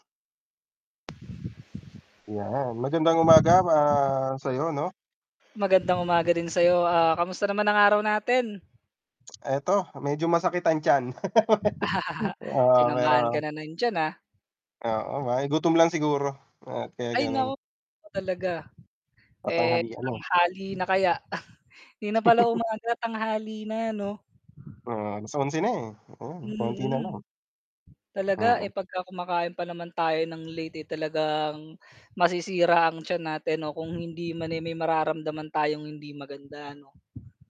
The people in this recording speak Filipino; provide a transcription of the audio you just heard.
'Yan. Magandang umaga, ah, sa'yo 'no? Magandang umaga din sa'yo, ah, kamusta naman ang araw natin? Eto medyo masakit ang tiyan, oo Sinamaan pero. kana ng t'yan ah. Oo, ay gutom lang siguro at kaya Ay gano'n. naku ano talaga, eh, Patanghalian na. tanghali na kaya hindi na pala umaga tanghali na, 'no? Oo, 11:00 na, eh, ayan, konti na Mm. lang. Talaga, Oo. eh, pag kumakain pa naman tayo ng late, eh, talagang masisira ang tiyan natin o kung hindi man eh may mararamdaman tayong hindi maganda, ano?